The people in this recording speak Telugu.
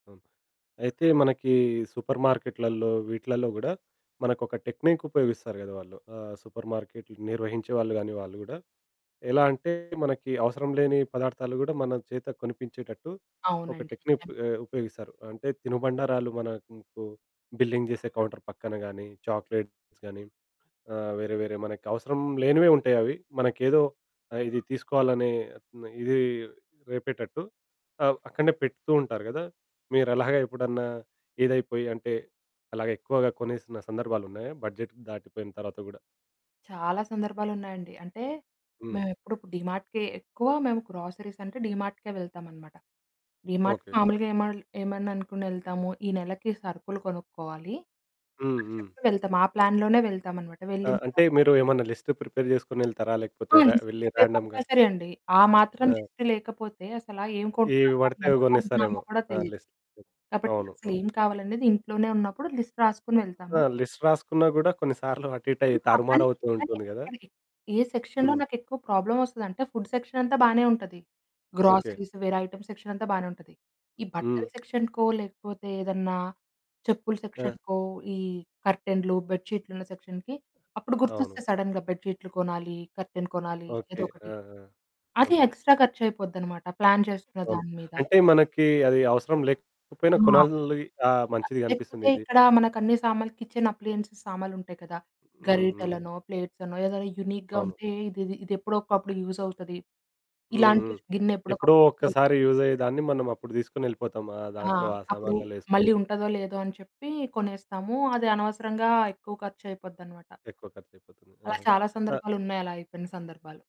అవును, అయితే మనకి సూపర్ మార్కెట్లల్లో, వీట్లల్లో గూడా మనకొక టెక్నిక్ ఉపయోగిస్తారు గద వాళ్ళు. ఆహ్, సూపర్ మార్కెట్లు నిర్వహించే వాళ్ళు గాని వాళ్ళు గూడా, ఎలా అంటే మనకి అవసరం లేని పదార్థాలు గూడా మన చేత కొనిపించేటట్టు ఒక అవునండి. టెక్నిప్ నిజం. ఆహ్, ఉపయోగిస్తారు. అంటే తినుబండారాలు మనకు బిల్లింగ్ జేసే కౌంటర్ పక్కన గానీ చాక్లెట్స్ గానీ ఆహ్, వేరే వేరే మనకు అవసరం లేనివే ఉంటాయవి, మనకేదో ఆహ్, ఇది తీసుకోవాలని, ఇది రేపేటట్టు ఆహ్, అక్కడనే పెడుతూ ఉంటారు గదా! మీరు అలాగ ఎప్పుడన్నా ఇదైపోయి అంటే అలాగే ఎక్కువగా కొనేసిన సందర్భాలున్నాయా? బడ్జెట్ దాటిపోయిన తర్వాత గూడా? చాలా సందర్భాలున్నాయండి. అంటే, హ్మ్. మేము ఎప్పుడు డీమార్ట్‌కె ఎక్కువ మేము గ్రోసరీస్ అంటే డీమార్ట్‌కే వెళ్తామనమాట. డీమార్ట్ ఓకె. మామూలుగా ఏమల్ ఏమననుకోని యెళ్తాము. ఈ నెలకి సరుకులు కొనుక్కోవాలి, హ్మ్, అని హ్మ్. చెప్పుకొని వెళ్తాం ఆ ప్లాన్‌లోనే వెళ్తామనమాట. వెళ్ళిన ఆహ్, అంటే తర్వాత మీరు ఏమన్నా లిస్ట్ ప్రిపేర్ జేసుకొనెళ్తారా లేకపోతే ఆ! రె లిస్ట్ వెళ్లి ప్రిపేర్ రాండమ్‌గా కంపల్సరీ అండి. ఆ మాత్రం ఆ! లిస్టు లేకపోతే అసలా ఏం ఎవి కొంటున్నామో, పడితే ఎంత అవి కొంటున్నామో గొనేస్తారేమో కూడా ఆ తెలీదు. లిస్ట్ పెట్ కాబట్టి అవును, అవును. అసలేం కావాలి అన్నది ఇంట్లోనే ఉన్నప్పుడు లిస్ట్ రాసుకొని వెళ్తాము. ఆ! లిస్ట్ రాసుకున్న గూడా కొన్ని సార్లు అటు ఇటు అయి, అవుతాం కానీ, తారుమారవుతూ కానీ ఉంటుంది గదా! ఎక్కడ ఏ సెక్షన్‌లో హ్మ్. నాకెక్కువ ప్రాబ్లమ్ వస్తదంటే ఫుడ్ సెక్షన్ అంతా బానే ఉంటది. ఓకె. గ్రోసరీస్ వేరే ఐటెమ్స్ సెక్షన్ అంతా బానే ఉంటది. ఈ బట్టల హ్మ్. సెక్షన్‌కో లేకపోతే ఏదన్నా చెప్పుల ఆ! సెక్షన్‌కో ఈ కర్టెన్లు, బెడ్ షీట్లున్న సెక్షన్‌కి అప్పుడు గుర్తొస్తే అవును. సడెన్‌గా బెడ్ షీట్లు కొనాలి, కర్టెన్ కొనాలి. ఓకె. ఆ! ఏదోకటి. ఆ! అది హ్మ్. ఎక్స్‌ట్రా ఖర్చయిపోద్దనమాట. ప్లాన్ చేసుకున్న అవును. దాని మీద. అంటే మనకి అది అవసరం లేకపోయినా ఆ! కొనాలి. ఆ! మంచిది అవి లేకపోతే అనిపిస్తుంది ఇది. ఇక్కడ మనకు అన్ని సామాన్లు కిచెన్ అప్లయెన్స్ సామాలుంటాయి కదా! హ్మ్, హ్మ్. గరిటలనో, ప్లేట్సనో ఏదైనా యూనిక్‌గా అవును. ఉంటే ఇది ఇది ఎప్పుడో ఒకప్పుడు యూజ్ అవుతది, హుహుహు, ఇలాంటి గిన్నె ఎప్పుడో ఎప్పుడో ఒకప్పుడు యూజ్ ఒక్కసారి అవుద్ది. యూజ్ అయ్యేదాన్ని మనం అప్పుడు దీసుకొని యెళ్ళిపోతాం ఆ ఆ! దాంట్లో, ఆ అప్పుడు సామాన్లలో యేసుకొని. మళ్ళీ ఉంటదో లేదో అని చెప్పి కొనేస్తాము అది అనవసరంగా ఎక్కువ ఖర్చయిపోద్దనమాట. ఎక్కువ ఖర్చు అయిపోతుంది. అలా ఆహా! చాలా ఆహ్ సందర్భాలున్నాయి. అలా అయిపోయిన సందర్భాలు.